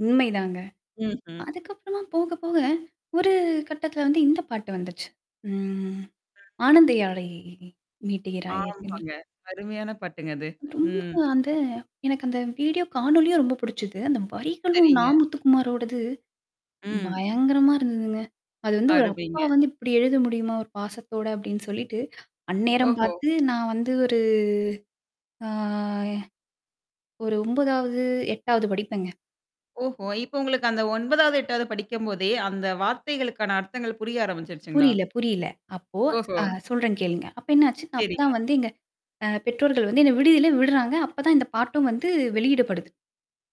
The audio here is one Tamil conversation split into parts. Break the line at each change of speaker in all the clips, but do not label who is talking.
உண்மைதாங்க.
ம்ஹ்ம்.
அதுக்கப்பறமா போக, போக ஒரு கட்டத்துல வந்து இந்த பாட்டு வந்துச்சு. ம்.
ம்.
ஆனந்தயாழை மீட்டுகிறாய் இருக்குல?
ஆமாங்க. அருமையான பாட்டுங்க, அது.
ரொம்ப
ம்.
அந்த எனக்கு அந்த வீடியோ காணொலியும் ரொம்ப புடிச்சுது. அந்த வரிகளும் நா.
செரிங்க.
முத்துகுமாரோடது
ம்.
பயங்கரமா இருந்ததுங்க. அது வந்து, ஒரு அப்பா
அருமைங்க.
வந்து இப்டி எழுத முடியுமா, ஒரு பாசத்தோட அப்டின்னு சொல்லிட்டு, அந்நேரம்
ஓஹோ!
பார்த்து நான் வந்து ஒரு ஆ ஒரு 9வது, 8வது படிப்பேங்க.
ஓஹோ! இப்போ உங்களுக்கு அந்த 9வது, 8வது படிக்கும்போதே, அந்த வார்த்தைகளுக்கான அர்த்தங்கள் புரிய ஆரம்பிச்சுருச்சுங்களா?
புரிய்ல, புரிய்ல. அப்போ
ஓஹோ!
அ சொல்றேன் கேளுங்க. அப்ப என்ன ஆச்சு!
சேரிங்க.
அப்பதான் வந்து, எங்க அ பெற்றோர்கள் வந்து என்ன விடுதியில விட்றாங்க. அப்பதான், இந்த பாட்டும் வந்து வெளியிடப்படுது.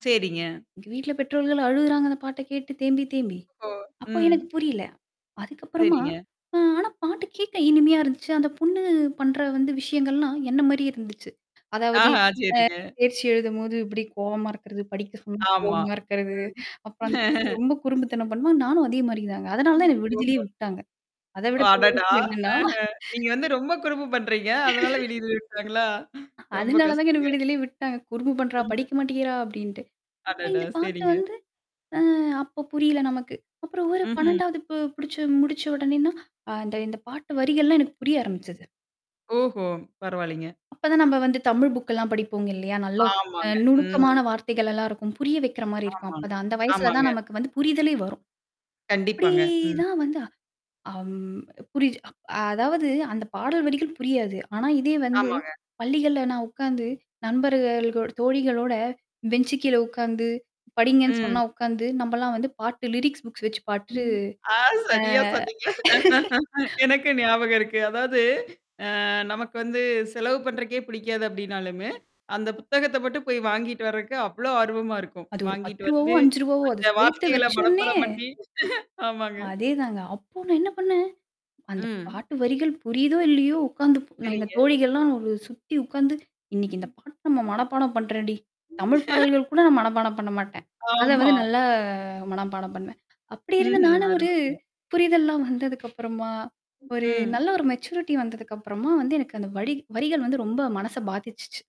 சேரிங்க.
எங்க வீட்ல பெற்றோர்கள் அழுகுறாங்க, அந்த பாட்ட கேட்டு தேம்பி, தேம்பி.
ஓ.
அப்போ
ம்.
எனக்கு புரில. அதுக்கப்பறமா,
சேரிங்க.
ஆ ஆனா பாட்டு கேக்க இனிமையா இருந்துச்சு. அந்த பொண்ணு பண்ற வந்து விஷயங்கள்லாம் என்ன மாரியே இருந்துச்சு. அதாவது
ஆஹா
அ
சேரிங்க.
தேர்ச்சி எழுதும்போது இப்டி கோவமா இருக்கறது, படிக்க சொல்லும்போது
ஆமா,
கோவமா இருக்கறது.
ம்.
அப்புறம் அந்த பொண்ணு ரொம்ப குறும்புத்தனம் பண்ணுவா. நானும் அதே மாரி தாங்க. அதனால தான்
ம்.
என்ன விடுதியிலே
ஓஹோ!
விட்டாங்க. அத
ஓ,
விட
அடடா!
பெருசு என்னன்னா?
அஹ நீங்க வந்து ரொம்ப குறும்பு பண்றீங்க! அதனால விடுதியில விட்டாங்களா? ரொம்ப
அதுனால தாங்க என்ன
கஷ்டங்க.
விடுதிலயே விட்டாங்க. குறும்பு பண்றா!
ம்ஹ்ம்.
படிக்க மாட்டேங்கிறா! அப்டின்ட்டு. அப்ப
அடடா!
இந்த பாட்டு
சேரிங்க.
வந்து அ அப்போ புரிய்ல நமக்கு. அப்புறம் ஒரு
ம்ஹ்ம்.
12வது பு படிச்சு முடிச்ச உடனேன்னா, அ இந்த இந்த பாட்டு வரிகள்லாம் எனக்கு புரிய ஆரம்பிச்சது.
ஓஹோ! பரவால்லிங்க.
அப்ப தான், நம்ப வந்து தமிழ் புக்கெல்லாம் படிப்போங்க இல்லையா? நல்ல அ
ஆமாங்க. ம்.
நுணுக்கமான வார்த்தைகள் எல்லாம் இருக்கும். புரிய வைக்கிற மாரி இருக்கும்.
ஆமாங்
அப்பதான், அந்த வயசுல
ஆமாங்க.
தான் நமக்கு வந்து புரிதலே வரும். அப்டி
கண்டிப்பாங்க. ம்.
தான் வந்து. அம் புரியுது. அ அதாவது அந்த பாடல் வரிகள் புரியாது. ஆனா, இதே வந்து
ஆமாங்க.
பள்ளிகள்ல நான் உக்காந்து நண்பர்கள் கூட் தோழிகளோட பெஞ்சு கீழ உட்கார்ந்து படிங்கன்னு
ம்.
சொன்னா உக்காந்து நம்மலாம் வந்து பாட்டு லிரிக்ஸ் புக்ஸ் வச்சு பாட்டு
ம் ஆ
ஆ.
சரியா சொன்னீங்க எனக்கு ஞாபகம் இருக்கு. அதாவது அ நமக்கு வந்து செலவு பண்றக்கே பிடிக்காது அப்படினாலுமே, அந்த புத்தகத்த மட்டும் போய் வாங்கிட்டு வரதுக்கு அவ்ளோ ஆர்வமா இருக்கும்.
அது ஒரு
வாங்கிட்டு
ரூ. 10வோ,
வந்து
ரூ. 5வோ அத
அந்த
சேத்து
வார்த்தைகள
வச்சோனே
மனப்பாடம் பண்ணி ஆமாங்க
அதேதாங்க. அப்போ நான் என்ன பண்ணேன்? அந்த
ம்.
பாட்டு வரிகள் புரியுதோ, இல்லயோ உக்காந்து எங்க
செரிங்க.
தோழிகள்லாம் ஒரு சுத்தி உக்காந்து இன்னைக்கு இந்த பாட்டு நம்ம மனப்பாடம் பண்றோம்டி. தமிழ் பாடல்கள் கூட நான் மனப்பாடம் பண்ண மாட்டேன். அத வந்து
ஆமா.
நல்லா மனப்பாடம் பண்ணுவேன். அப்டி இருந்த
ம்ஹ்ம்.
நானு ஒரு
அருமைங்க.
புரிதெல்லாம் வந்ததுக்கப்புறமா ஒரு
ம்.
நல்ல ஒரு மெச்சூரிட்டி வந்ததுக்கப்புறமா வந்து, எனக்கு அந்த வடி வரிகள் வந்து ரொம்ப மனச பாதிச்சுச்சு.